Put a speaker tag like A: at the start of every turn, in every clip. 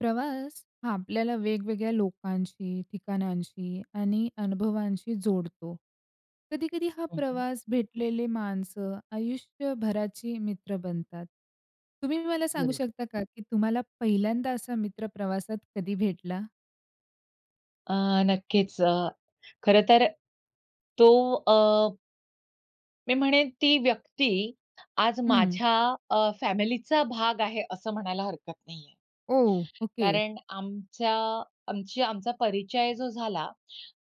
A: प्रवास हा आपल्याला वेगवेगळ्या लोकांशी, ठिकाणांशी आणि अनुभवांशी जोडतो. कधी-कधी हा
B: ओ, हो.
A: प्रवास, भेटलेले माणसं आयुष्यभराची मित्र बनतात. तुम्ही मला
B: बरं
A: सांगू
B: आहे.
A: शकता का, की तुम्हाला पहिल्यांदा असा मित्र प्रवासात कधी भेटला?
B: अ, नक्कीच. अ, खरंतर तो अ मी म्हणेन ती व्यक्ती, आज
A: हं.
B: माझ्या अ, फॅमिलीचा भाग आहे असं म्हणायला हरकत नाही आहे.
A: ओह! ओके.
B: कारण आमच्या आमची आमचा परिचय जो झाला,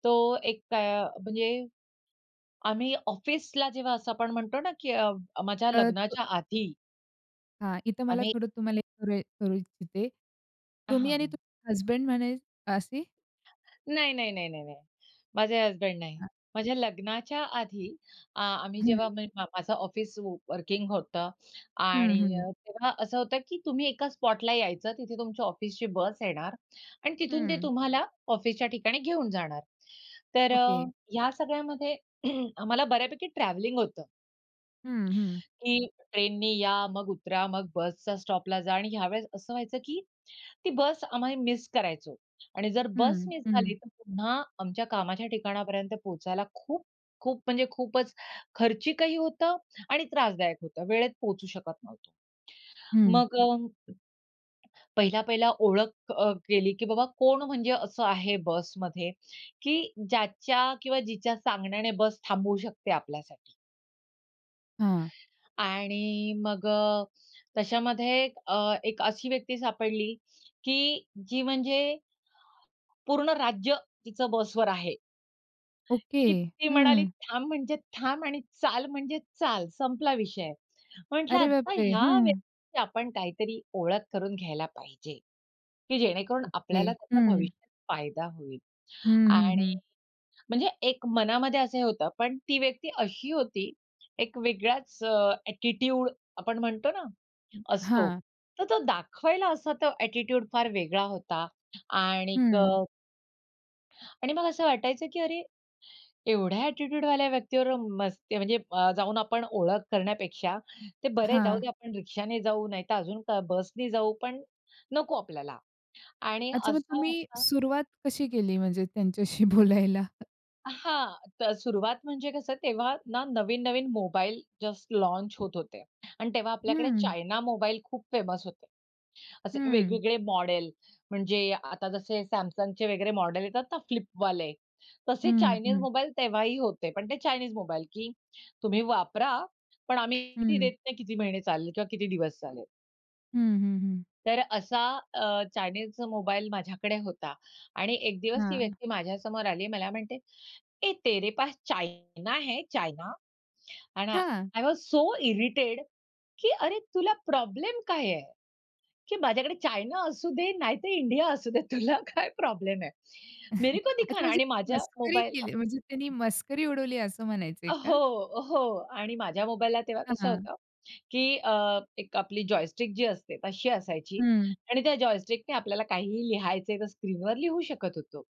B: तो एक अ, म्हणजे आम्ही ऑफिसला जेव्हा असं आपण म्हणतो ना, की माझ्या
A: अ, तो.
B: लग्नाच्या आधी
A: हां, इथं मला
B: आम्ही
A: थोडं तुम्हाला एक [unintelligible] करू इच्छिते. तुम्ही
B: हां,
A: आणि
B: हां.
A: तुम हजबंड म्हणजे असे?
B: नाही, नाही, नाही, नाही, नाही. माझे हजबंड नाही.
A: हां.
B: माझ्या लग्नाच्या आधी आ आम्ही,
A: हं.
B: जेव्हा म माझं ऑफिस व वर्किंग होतं
A: हं,
B: आणि
A: हं.
B: तेव्हा असं होतं की तुम्ही एका स्पॉटला यायचं, तिथे तुमच्या ऑफिसची बस येणार आणि तिथून ते
A: हं.
B: तुम्हाला ऑफिसच्या ठिकाणी घेऊन जाणार. तर अ,
A: ओके.
B: या सगळ्यामध्ये आम्हाला बऱ्यापैकी ट्रॅव्हलिंग होतं
A: हं, हं.
B: की ट्रेननी या, मग उतरा, मग बसच्या स्टॉपला जा आणि ह्यावेळेस असं व्हायचं की ती बस आम्ही मिस करायचो आणि जर बस
A: हं.
B: मिस झाली
A: हं.
B: तर पुन्हा आमच्या कामाच्या ठिकाणापर्यंत पोहचायला खूप, खूप म्हणजे खूपच खर्चिकही होतं आणि त्रासदायक होतं. वेळेत पोहोचू शकत नव्हतो.
A: हं.
B: मग अ, पहिला-पहिला ओळख अ, केली की बाबा, कोण म्हणजे असं आहे बसमध्ये, की ज्याच्या किंवा जिच्या सांगण्याने बस थांबवू शकते आपल्यासाठी.
A: हां.
B: आणि मग अ, त्याच्यामध्ये अ, एक अशी व्यक्ती सापडली, की जी म्हणजे, पूर्ण राज्य तिचं बसवर आहे.
A: ओके,
B: की ती म्हणाली,
A: हं.
B: "थांब म्हणजे थांब आणि चाल म्हणजे चाल," संपला विषय. म्हटलं
A: अरे
B: आता
A: बापरे!
B: ह्या
A: हं.
B: व्यक्तीची आपण काहीतरी ओळख करून घ्यायला पाहिजे, की जेणेकरून
A: ओके,
B: आपल्याला त्याचा
A: हं.
B: भविष्यात फायदा होईल
A: हं, हं,
B: आणि
A: हं.
B: म्हणजे एक मनामध्ये असं होतं पण ती व्यक्ती अशी होती, एक वेगळाच अ, ॲटिट्यूड आपण म्हणतो ना,
A: हं,
B: असतो
A: हां.
B: तर तो दाखवायला असा तो ॲटिट्यूड फार वेगळा होता आणि क
A: हं.
B: आणि मग असं वाटायचं, की अरे! एवढ्या ॲटिट्यूडवाल्या व्यक्ती बरोबर मस्ती म्हणजे अ, जाऊन आपण ओळख करण्यापेक्षा, ते बरे जाऊ
A: हां.
B: दे आपण रिक्षा नी जाऊ, नाहीतर अजून बस ने जाऊ. पण नको आपल्याला आणि
A: अच्छा मग
B: असं
A: तुम्ही,
B: होता
A: सुरुवात कशी केली म्हणजे त्यांच्याशी बोलायला?
B: अ, हां, तर सुरुवात म्हणजे कसं तेव्हा ना नवीन-नवीन मोबाईल जस्ट लॉन्च होत होते अन् तेव्हा आपल्याकडे
A: हं.
B: चायना मोबाईल खूप फेमस होते. असे
A: हं.
B: वेगवेगळे मॉडेल, म्हणजे आता जसे Samsungचे वगैरे मॉडेल येतात ना फ्लिपवाले, तसे
A: हं,
B: चाइनीज
A: हं.
B: मोबाईल तेव्हाही होते. पण ते चायनीज मोबाईल, की तुम्ही वापरा, पण आम्ही गॅरेंटी
A: हं.
B: देत नाही किती महिने चालले किंवा किती दिवस चालले.
A: हं, हं, हं.
B: तर असा अ, चायनाचा मोबाईल माझ्याकडे होता. आणि एक दिवस ती
A: हां.
B: व्यक्ती माझ्यासमोर आली मला म्हणते, "ए, तेरे पास चायना है चायना?" आणि
A: हां.
B: आय वॉज सो इरिटेड की "अरे, तुला प्रॉब्लेम काय आहे? की माझ्याकडे चायना असू दे नाहीतर इंडिया असू दे. तुला काय प्रॉब्लेम आहे?" "मेरे को
A: अच्छा
B: दिखाना."
A: म्हणजे,
B: आणि
A: म्हणजे
B: माझ्या
A: मस्करी
B: मोबाईलला
A: केली म्हणजे त्यांनी मस्करी उडवली असं म्हणायचं आहे
B: अ,
A: का?
B: हो, हो. आणि माझ्या मोबाईलला तेव्हा कसं
A: हां.
B: होतं की अ, एक आपली जॉयस्टिक जी असते तशी असायची
A: हं.
B: आणि त्या जॉयस्टिकने आपल्याला काहीही लिहायचं आहे तर स्क्रीनवर लिहू शकत होतो.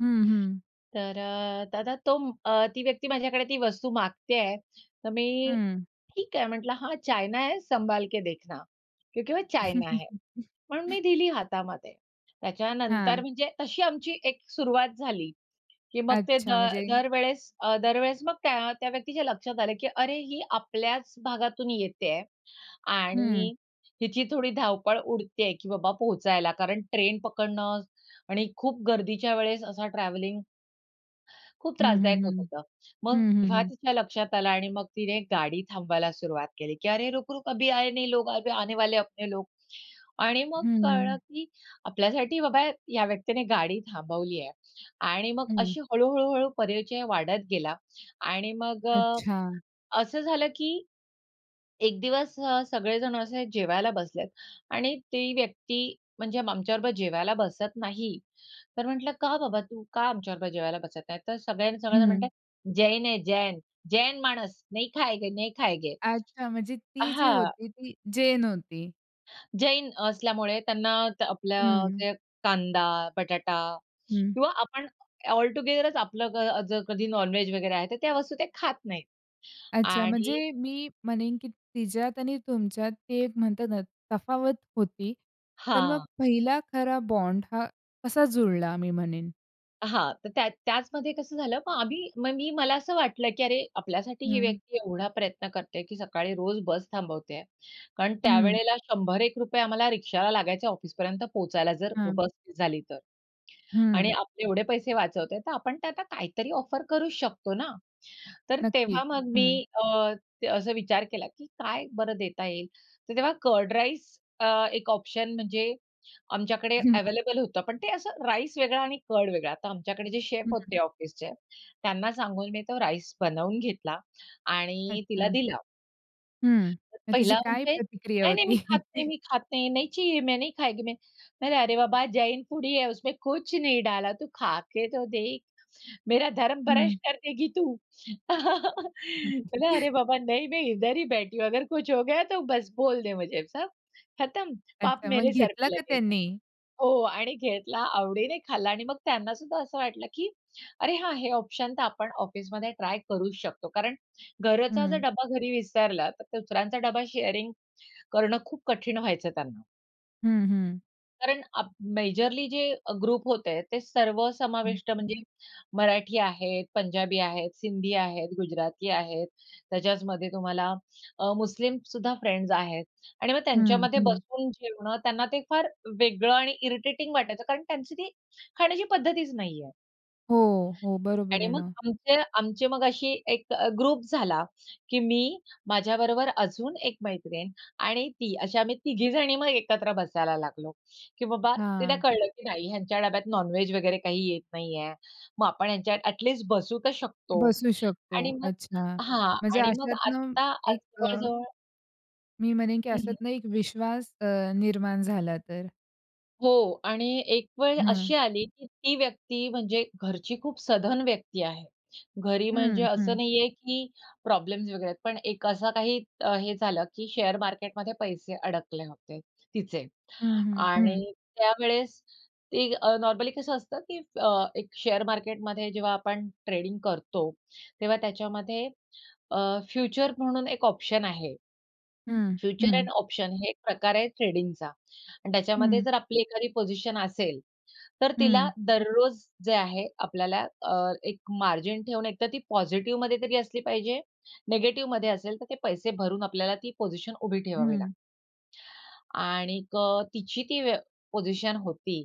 A: हं, हं.
B: तर अ, दादा तोम अ, ती व्यक्ती माझ्याकडे ती वस्तू मागते आहे. तर मी,
A: हं.
B: ठीक आहे म्हटलं, "हां, चायना है संभाल के देखना, क्योंकि वो चायना है." म्हणून मी दिली हातामध्ये. त्याच्या नंतर
A: हां.
B: मी जे तशी आमची एक सुरुवात झाली की मग ते
A: अच्छा
B: दर
A: म्हणजे
B: दरवेळेस अ, दरवेळेस मग त्या त्या व्यक्तीच्या लक्षात आलं की अरे, ही आपल्याच भागातून येते आहे
A: हं.
B: आणि हिची थोडी धावपळ उडते आहे की बाबा पोहोचायला. कारण ट्रेन पकडणं आणि खूप गर्दीच्या वेळेस असा ट्रॅव्हलिंग खूप
A: हं,
B: त्रासदायक
A: हं,
B: होत
A: हं.
B: होतं. मग
A: हं, हं,
B: तेव्हा
A: हं.
B: तिच्या लक्षात आलं आणि मग तिने गाडी थांबायला सुरुवात केली की "अरे, रुक-रुक अभी आये नहीं, अभी आने वाले है अपने लोग." आणि मग
A: हं,
B: कळलं,
A: हं.
B: की आपल्यासाठी बाबा या व्यक्तीने गाडी थांबवली आहे. आणि मग
A: हं.
B: अशी हळू-हळू-हळू परिचय वाढत गेला आणि मग अ,
A: अच्छा.
B: असं झालं की एक दिवस अ, सगळेजण असे जेवायला बसलेत आणि ती व्यक्ती, म्हणजे आमच्याबरोबर जेवायला बसत नाही. तर म्हटलं का बाबा, तू का आमच्याबरोबर जेवायला बसत नाही? तर सगळ्यांना सगळेजण म्हणत
A: हं.
B: आहेत "जैन है जैन. जैन माणस. नहीं खायेंगे, नहीं खायेंगे."
A: अच्छा. म्हणजे
B: अ
A: ती जी
B: हां.
A: होती, ती जैन होती.
B: जैन असल्यामुळे त्यांना त आपल्या
A: हं.
B: जे कांदा, बटाटा
A: हं.
B: किंवा आपण ऑल टूगेदरच आपलं ग अ, जर कधी नॉन-व्हेज वगैरे आहे, तर त्या वस्तू ते खात नाहीत
A: अच्छा,
B: आणि
A: म्हणजे मी म्हणेन की तिच्यात आणि तुमच्यात ती एक म्हणतात ना तफावत होती, तर मग
B: हां.
A: पहिला खरा बॉन्ड हा कसा जुळला मी म्हणेन?
B: हां, तर त्या त्याचमध्ये कसं झालं मग आम्ही मग मी मला असं वाटलं की "अरे आपल्यासाठी ही
A: हं.
B: व्यक्ती एवढा प्रयत्न करतोय की सकाळी रोज बस थांबवतेय," कारण
A: हं.
B: त्यावेळेला शंभर एक रुपये आम्हाला रिक्षाला लागायचे ऑफिसपर्यंत पोहचायला जर
A: हां.
B: बस मीस झाली तर आणि
A: हं.
B: आपले एवढे पैसे वाचवतोय तर आपण त्यांना काहीतरी ऑफर करूचं शकतो ना. तर तेव्हा
A: नक्कीच.
B: मग मी
A: हं.
B: अ, त असा विचार केला की "काय बरं देता येईल?" तर तेव्हा कर्ड राईस अ, एक ऑप्शन म्हणजे आमच्याकडे
A: हं.
B: अवेलेबल होतं, पण ते असं राईस वेगळा आणि कर्ड वेगळा. तर आमच्याकडे जे शेफ
A: हं.
B: होते ऑफिसचे, त्यांना सांगून मी तो राईस बनवून घेतला आणि मी तिला
A: अच्छा.
B: दिला.
A: हं. मग तिची
B: पहिला
A: काय
B: म्हणजे,
A: प्रतिक्रिया
B: "नाही-नाही
A: होती?
B: मी खात नाही, मी खात नाही. नहीं चाहिए, मैं नहीं खाएगी मैं" "नाही-नाही" "अरे बाबा, जैन फूड ही है, उसमे कुछ नहीं डाला. तू खाके तो देख!" "मेरा धर्म
A: हं.
B: भ्र्ष्ट कर देगी तू!" म्हटलं, "अरे बाबा नहीं, मैं इधर ही बैठी हूँ. अगर कुछ हो गया तो बस बोल दे मुझे. सब खतम. पाप
A: अच्छा, मग
B: मेरे सर
A: घेतला
B: पे
A: का
B: लगेगा."
A: त्यांनी?
B: हो, आणि घेतला, आवडीने खाल्ला आणि मग त्यांना सुद्धा असं वाटलं की "अरे हां, हे ऑप्शन तर आपण ऑफिसमध्ये ट्राय करूच शकतो," कारण घरचा जर
A: हं.
B: डबा घरी विसरला, तर दुसऱ्यांचा डबा शेअरिंग करणं खूप कठीण व्हायचं त्यांना.
A: हं, हं.
B: कारण अब मेजरली जे अ, ग्रुप होते ते
A: हं.
B: सर्वसमाविष्ट म्हणजे मराठी आहेत, पंजाबी आहेत, सिंधी आहेत, गुजराती आहेत, त्याच्याचमध्ये तुम्हाला अ, मुस्लिमसुद्धा फ्रेंड्स आहेत आणि मग
A: हं,
B: त्यांच्यामध्ये
A: हं.
B: बसून जेवणं त्यांना ते फार वेगळं आणि इरिटेटिंग वाटायचं कारण त्यांची ती खाण्याची पद्धतीच नाही आहे.
A: हो, हो, बरोबर
B: आणि
A: आहे
B: मग
A: ना.
B: आमचे आमचे मग अशी एक अ, ग्रुप झाला की मी, माझ्याबरोबर अजून एक मैत्रीण आणि ती अशी आम्ही तिघी जणी मग एकत्र बसायला लागलो, की बाबा, तिला
A: हां.
B: कळलं की नाही ह्यांच्या डब्यात नॉनवेज वगैरे काही येत नाही आहे. मग आपण ह्यांच्या अ‍ॅटलिस्ट बसू तर शकतो
A: बसू
B: आणि
A: शकतो.
B: मग
A: अच्छा!
B: हां
A: म्हणजे
B: आणि मग
A: अशातनं
B: आता आ
A: एक अ
B: जवळ-जवळ
A: मी म्हणेन की
B: हं, हं.
A: अशातनं एक विश्वास अ, निर्माण झाला तर.
B: हो आणि एक वेळ
A: हं.
B: अशी आली की ती व्यक्ती म्हणजे घरची खूप सधन व्यक्ती आहे. घरी म्हणजे
A: हं,
B: असं
A: हं.
B: नाही आहे की प्रॉब्लेम्स वगैरे आहेत, पण एक असा काही अ, हे झालं की शेअर मार्केटमध्ये पैसे अडकले होते तिचे
A: हं, हं, हं.
B: आणि त्यावेळेस ते अ, नॉर्मली कसं असतं की अ, एक शेअर मार्केटमध्ये जेव्हा आपण ट्रेडिंग करतो, तेव्हा त्याच्यामध्ये अ, फ्युचर म्हणून एक ऑप्शन आहे.
A: हं,
B: फ्युचर
A: हं.
B: अँड ऑप्शन हे एक प्रकार आहे ट्रेडिंगचा आणि त्याच्यामध्ये
A: हं.
B: जर आपली एखादी पोझिशन असेल, तर तिला
A: हं.
B: दररोज जे आहे आपल्याला अ, एक मार्जिन ठेवून एकतर ती पॉझिटिव्हमध्ये तरी असली पाहिजे, निगेटिव्हमध्ये असेल, तर ते पैसे भरून आपल्याला ती पोझिशन उभी ठेवावी लागते.
A: हं.
B: आणिक तिची ती वे पोझिशन होती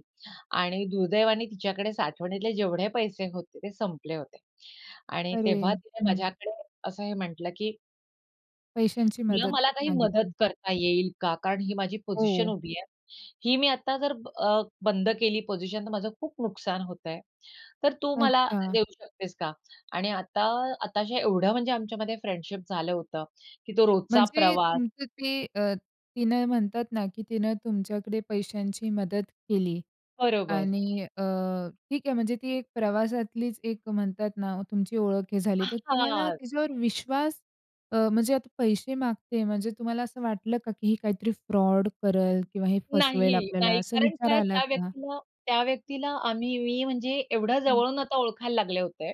B: आणि दुर्दैवाने तिच्याकडे साठवणीतले जेवढे पैसे होते ते संपले होते आणि
A: अरे!
B: तेव्हा तिने
A: हं.
B: माझ्याकडे असं हे म्हटलं, की
A: पैशांची
B: "तुला
A: मदत
B: मला काही मदत
A: मागितली.
B: करता येईल का? कारण ही माझी पोझिशन
A: हो.
B: उभी आहे. ही मी आता जर अ, ब बंद केली पोझिशन तर माझं खूप नुकसान होत आहे. तर तू मला
A: अच्छा.
B: देऊ शकतेस का?" आणि आता आता हे एवढं म्हणजे आमच्यामध्ये फ्रेंडशिप झालं होतं, की तो रोजचा
A: म्हणजे
B: प्रवास
A: तुमचं ते अ, तिनं म्हणतात ना की तिनं तुमच्याकडे पैशांची मदत केली
B: बरोबर.
A: आणि अ, ठीक आहे म्हणजे ती एक प्रवासातलीच एक म्हणतात ना ओ, तुमची ओळख हे
B: अ,
A: झाली. तर तुम्हाला
B: हां.
A: त्याच्यावर विश्वास अ, म्हणजे आता पैसे मागते म्हणजे तुम्हाला असं वाटलं का? की हे काहीतरी फ्रॉड करेल किंवा हे फसवेल
B: नाही,
A: आपल्याला
B: नाही
A: असं
B: कारण
A: विचार
B: काय?
A: आला
B: त्या
A: का?
B: व्यक्तीला त्या व्यक्तीला आम्ही मी म्हणजे एवढ्या
A: हं.
B: जवळून आता ओळखायला लागले होते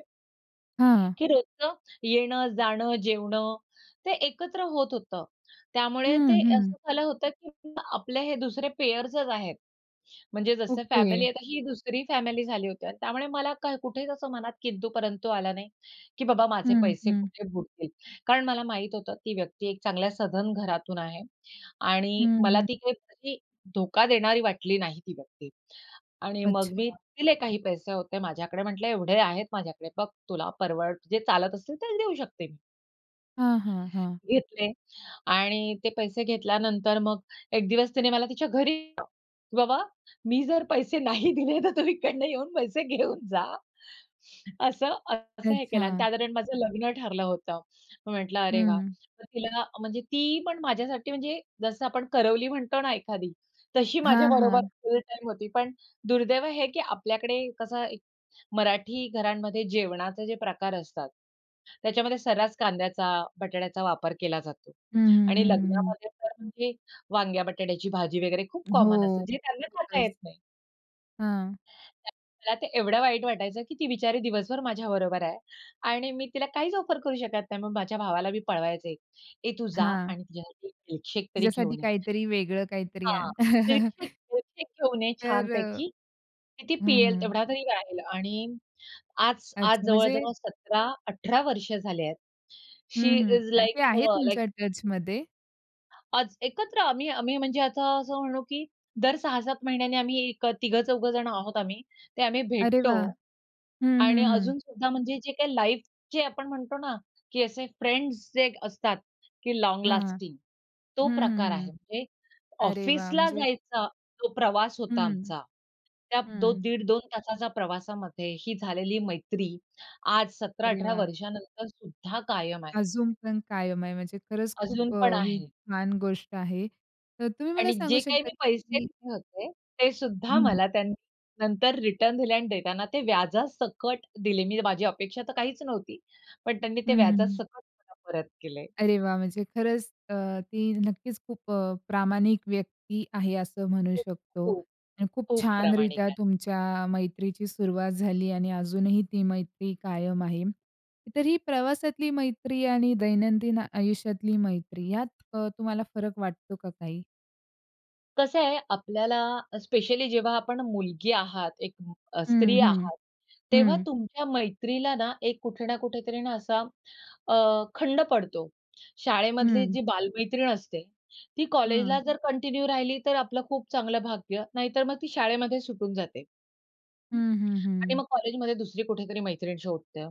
A: हां.
B: की रोजचं येणं-जाणं, जेवणं ते एकत्र होत होतं. त्यामुळे
A: हं,
B: ते असं
A: हं.
B: झालं होतं की आपले हे दुसरे पेयर्सच आहेत. म्हणजे जसं फॅमिली
A: ओके.
B: आहे तर ही दुसरी फॅमिली झाली होती आणि त्यामुळे मला काय कुठेच असं मनात किंतु-परंतु आलं नाही, की बाबा माझे
A: हं,
B: पैसे
A: हं.
B: कुठे बूडतील कारण मला माहित होतं ती व्यक्ती एक चांगल्या सधन घरातून आहे
A: हं,
B: आणि मला
A: हं.
B: ती काही व्यक्ती धोका देणारी वाटली नाही ती व्यक्ती. आणि मग मी
A: अच्छा.
B: दिले काही पैसे होते माझ्याकडे म्हटलं एवढे आहेत माझ्याकडे बघ, तुला परवड जे चालत असेल ते देऊ शकते मी.
A: हां, हां, हां.
B: घेतले आणि ते पैसे घेतल्यानंतर मग एक दिवस तिने मला तिच्या घरी [unintelligible] की "बाबा, मी जर पैसे नाही दिले तर तुम्ही इकडनं येऊन पैसे घेऊन जा." असं अ, असं हे केलं आणि
A: अच्छा.
B: त्या दरम्यान माझं लग्न ठरलं होतं. मी म्हटलं, "अरे वाह."
A: हं.
B: तर तिला म्हणजे ती पण माझ्यासाठी म्हणजे जसं आपण करवली म्हणतो ना एखादी, तशी माझ्या
A: हां,
B: बरोबर
A: हां.
B: फुल टाईम होती. पण दुर्दैव हे की आपल्याकडे कसं एक मराठी घरांमध्ये जेवणाचे जे प्रकार असतात, त्याच्यामध्ये सर्रास कांद्याचा, बटाट्याचा वापर केला जातो.
A: हं, हं,
B: आणि
A: हं, हं, हं.
B: लग्नामध्ये तर म्हणजे वांग्या-बटाट्याची भाजी वगैरे खूप कॉमन असते.
A: हो.
B: जे त्यांना खाता
A: खरंच.
B: येत नाही.
A: हां.
B: त्यात त्यात एवढं वाईट वाटायचं की ती बिचारी दिवसभर माझ्याबरोबर आहे. आणि मी तिला काहीच ऑफर करू शकत नाही. मग माझ्या भावाला मी पळवायचे, "ए तू जा
A: हां.
B: आणि तिच्यासाठी एक मिल्कशेक तरी
A: तिच्यासाठी
B: घेऊन ये."
A: काहीतरी वेगळं काहीतरी
B: हां,
A: आण.
B: "मिल्कशेक, मिल्कशेक घेऊन ये
A: तर अ,
B: छानपैकी की ती
A: हं,
B: पियेल
A: हं.
B: तेवढा तरी राहील." आणि आज आज
A: अच्छा. म्हणजे
B: जवळ-जवळ 17-18 वर्ष झाले आहेत,
A: हं,
B: शी
A: हं.
B: इस
A: अ,
B: लाइक
A: ते आहे
B: अ, लाइक
A: तुमच्या टचमध्ये?
B: आज, एकत्र आम्ही आम्ही म्हणजे आता असं म्हणू की दर 6-7 महिन्यांनी आम्ही एक तिघं चौघं जणं आहोत आम्ही ते आम्ही
A: अरे
B: भेटतो
A: वाह! हं,
B: आणि
A: हं, हं.
B: अजून सुद्धा म्हणजे जे काही लाईफचे आपण म्हणतो ना की असे फ्रेंड्स जे असतात की लाँग
A: हां,
B: लास्टिंग तो
A: हं, हं,
B: प्रकार आहे.
A: हं.
B: म्हणजे
A: अरे वा!
B: ऑफिसला
A: म्हणजे
B: जायचा जो प्रवास होता
A: हं,
B: आमचा त्या दो
A: हं.
B: दीड 2 तासाच्या प्रवासामध्ये ही झालेली मैत्री आज सतरा
A: अरे
B: अठरा
A: वाह!
B: वर्षानंतर सुद्धा कायम आहे.
A: अजून पण कायम आहे म्हणजे खरंच
B: अजून
A: खूप
B: पण
A: अ, ही
B: आहे.
A: छान गोष्ट आहे. तर तुम्ही मला
B: आणि
A: सांगू
B: जे काही
A: शकता
B: मी पैसे
A: की
B: दिले होते, ते सुद्धा
A: हं.
B: मला त्यांनी नंतर रिटर्न दिले आणि देताना ते व्याजासकट दिले. मी माझी अपेक्षा तर काहीच नव्हती. पण त्यांनी ते
A: हं, हं.
B: व्याजासकट मला परत केले.
A: अरे वाह! म्हणजे खरंच अ, ती नक्कीच खूप अ, प्रामाणिक व्यक्ती आहे असं म्हणू
B: खूप,
A: शकतो
B: खूप,
A: अन् खूप
B: खूप
A: छान
B: प्रामाणिक
A: रित्या
B: आहे.
A: तुमच्या मैत्रीची सुरुवात झाली आणि अजूनही ती मैत्री कायम आहे. तर ही प्रवासातली मैत्री आणि दैनंदिन आयुष्यातली मैत्री यात अ, तुम्हाला फरक वाटतो का काही?
B: कसं आहे आपल्याला स्पेशली जेव्हा आपण मुलगी आहात, एक अ,
A: हं,
B: स्त्री
A: हं,
B: आहात, तेव्हा
A: हं.
B: तुमच्या मैत्रीला ना एक कुठे ना कुठेतरी असा अ, खंड पडतो. शाळेमधली
A: हं.
B: जी बालमैत्रीण असते, ती
A: हं.
B: कॉलेजला जर कंटिन्यू राहिली तर आपलं खूप चांगलं भाग्य नाहीतर मग ती शाळेमध्ये सुटून जाते.
A: हं, हं,
B: आणि
A: हं.
B: मग कॉलेजमध्ये दुसरी कुठेतरी मैत्रीण शोधते.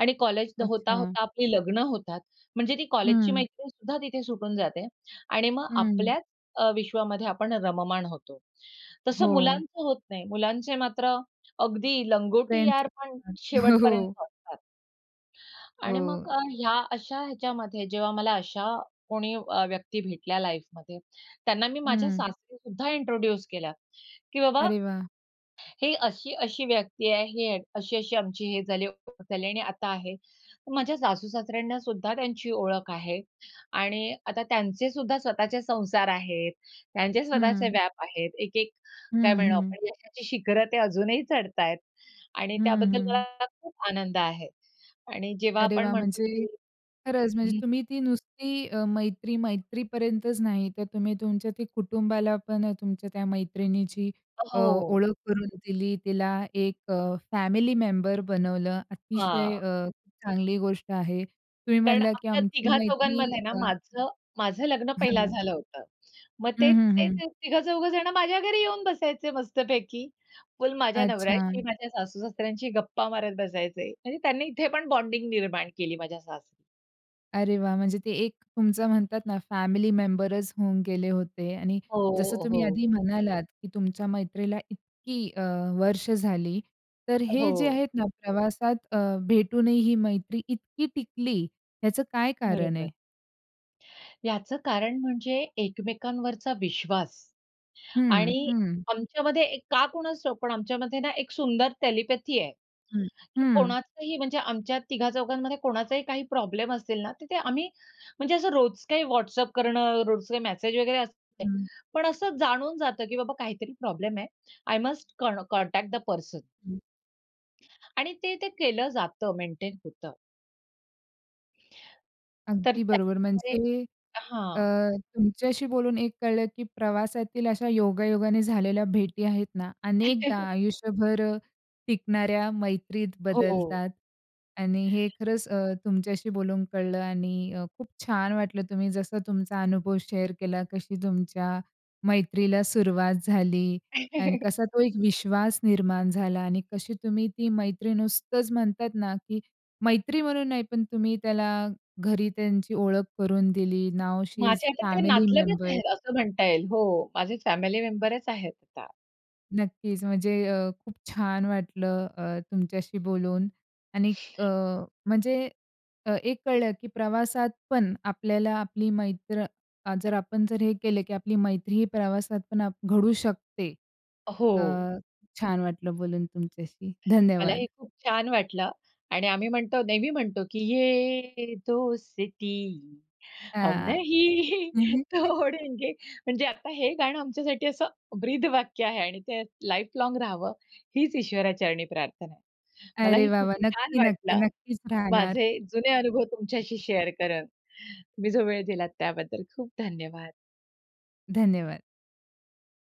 B: आणि कॉलेज
A: अच्छा.
B: होता-होता आपली लग्न होतात. म्हणजे ती कॉलेजची
A: हं.
B: मैत्रीण सुद्धा तिथे सुटून जाते. आणि मग
A: हं.
B: आपल्याच अ, विश्वामध्ये आपण रममाण होतो. तसं
A: हो.
B: मुलांचं होत नाही. मुलांचे मात्र अगदी लंगोटी यार
A: फ्रेंड्सचे
B: पण
A: [unintelligible] हो.
B: शेवटपर्यंत असतात. आणि
A: हो.
B: मग अ, ह्या अशा ह्याच्यामध्ये जेव्हा मला अशा कोणी अ, व्यक्ती भेटल्या लाईफमध्ये, त्यांना मी माझ्या
A: हं.
B: सासरी सुद्धा इंट्रोड्यूस केलं, की बाबा
A: अरे वाह!
B: ही अशी-अशी व्यक्ती आहे. ही अशी-अशी आमची हे झाली आणि ओळख झाली आणि आता आहे. माझ्या सासू-सासऱ्यांना सुद्धा त्यांची ओळख आहे. आणि आता त्यांचे सुद्धा स्वतःचे संसार आहेत, त्यांचे स्वतःचे
A: हं.
B: व्याप आहेत. एक-एक, काय
A: हं,
B: म्हणू
A: हं.
B: आपण यशाची शिखरं ते अजूनही चढत आहेत. आणि
A: हं,
B: त्याबद्दल
A: हं.
B: मला खूप आनंद आहे. आणि जेव्हा
A: अरे
B: आपण
A: वाह!
B: म्हणतो,
A: म्हणजे
B: की
A: खरंच म्हणजे
B: हं
A: तुम्ही ती नुसती अ, मैत्री, मैत्रीपर्यंतच नाही तर तुम्ही तुमच्या त्या कुटुंबाला पण तुमच्या त्या मैत्रिणीची अ,
B: हो.
A: ओळख करून दिली, तिला एक अ, फॅमिली मेंबर बनवलं. अतिशय
B: हां.
A: अ, चांगली गोष्ट आहे. तुम्ही
B: कारण
A: म्हणलं, की
B: आमच्या
A: "आमची मैत्री
B: तिघा-चौघांमध्ये ना
A: अ"
B: माझं माझं लग्न पहिला
A: हां.
B: झालं होतं. मग
A: हं,
B: ते
A: हं,
B: ते
A: हं.
B: तिघं-चौघजणं माझ्या घरी येऊन बसायचे मस्तपैकी. फुल माझ्या
A: अच्छा.
B: नवऱ्याशी, माझ्या सासू-ससऱ्यांशी गप्पा मारत बसायचे. म्हणजे त्यांनी इथे पण बॉन्डिंग निर्माण केली माझ्या सासरी.
A: अरे वाह! म्हणजे ते एक तुमचं म्हणतात ना, फॅमिली मेंबरच होऊन गेले होते आणि जसं
B: हो,
A: तुम्ही
B: हो.
A: आधी म्हणालात की तुमच्या मैत्रीला इतकी अ, वर्ष झाली. तर हे जे
B: हो.
A: आहेत ना प्रवासात अ, भेटूनही ही मैत्री इतकी टिकली याचं काय कारण आहे?
B: बरोबर. याचं कारण म्हणजे एकमेकांवरचा विश्वास.
A: हं.
B: आणि
A: हं.
B: आमच्यामध्ये एक, का कोणाच ठाउक पण आमच्यामध्ये ना, एक सुंदर टेलिपॅथी आहे
A: हं.
B: की
A: हं.
B: कोणाचही म्हणजे आमच्या तिघा चौघांमध्ये कोणाचाही काही प्रॉब्लेम असेल ना, तिथे आम्ही म्हणजे असं रोज काही WhatsApp करणं, रोज काही मेसेज वगैरे असते.
A: हं.
B: पण असं जाणून जातं की बाबा काहीतरी प्रॉब्लेम आहे. I must can contact the person.
A: हं.
B: आणि ते-ते केलं जातं. मेंटेन होतं. तर
A: अगदी बरोबर,
B: त्याच्यामुळे
A: म्हणजे अ,
B: हां.
A: तुमच्याशी बोलून एक कळलं की प्रवासातील अशा योगायोगाने झालेल्या भेटी आहेत ना, अनेकदा आयुष्यभर अ, टिकणाऱ्या मैत्रीत
B: हो.
A: बदलतात. आणि हे खरंच अ, तुमच्याशी बोलून कळलं आणि अ, खूप छान वाटलं तुम्ही जसा तुमचा अनुभव शेअर केला. कशी तुमच्या मैत्रीला सुरुवात झाली. आणि कसा तो एक विश्वास निर्माण झाला. आणि कशी तुम्ही ती मैत्री नुसतंच म्हणतात ना, की मैत्री म्हणून नाही, पण तुम्ही त्याला घरी त्यांची ओळख करून दिली. नाऊ शी इस
B: माझे आता ते
A: फॅमिली
B: नातलगच
A: मेंबर.
B: आहेत, असं म्हणता येईल. हो, माझे फॅमिली मेंबरच आहेत आता.
A: नक्कीच म्हणजे अ, खूप छान वाटलं अ, तुमच्याशी बोलून आणि अ, म्हणजे अ, एक कळलं की प्रवासात पण आपल्याला आपली मैत्र जर आपण जर हे केलं की आपली मैत्री ही प्रवासात पण घडू शकते. अ,
B: हो.
A: छान वाटलं बोलून तुमच्याशी. धन्यवाद.
B: मलाही खूप छान वाटलं आणि आम्ही म्हणतो, नेहमी म्हणतो, की "ये दोस्ती हम
A: हां.
B: नहीं तोड़ेंगे." म्हणजे आता हे गाणं आमच्यासाठी असं ब्रीदवाक्य आहे आणि ते लाईफ लाँग रहावं हीच ईश्वरा चरणी प्रार्थना आहे.
A: अरे
B: मलाही
A: वाह!
B: खूप
A: वाह!
B: छान
A: नक्की-नक्की,
B: वाटलं.
A: नक्कीच राहणार.
B: माझे जुने अनुभव तुमच्याशी शेअर करत. तुम्ही जो वेळ दिलात त्याबद्दल खूप धन्यवाद.
A: धन्यवाद.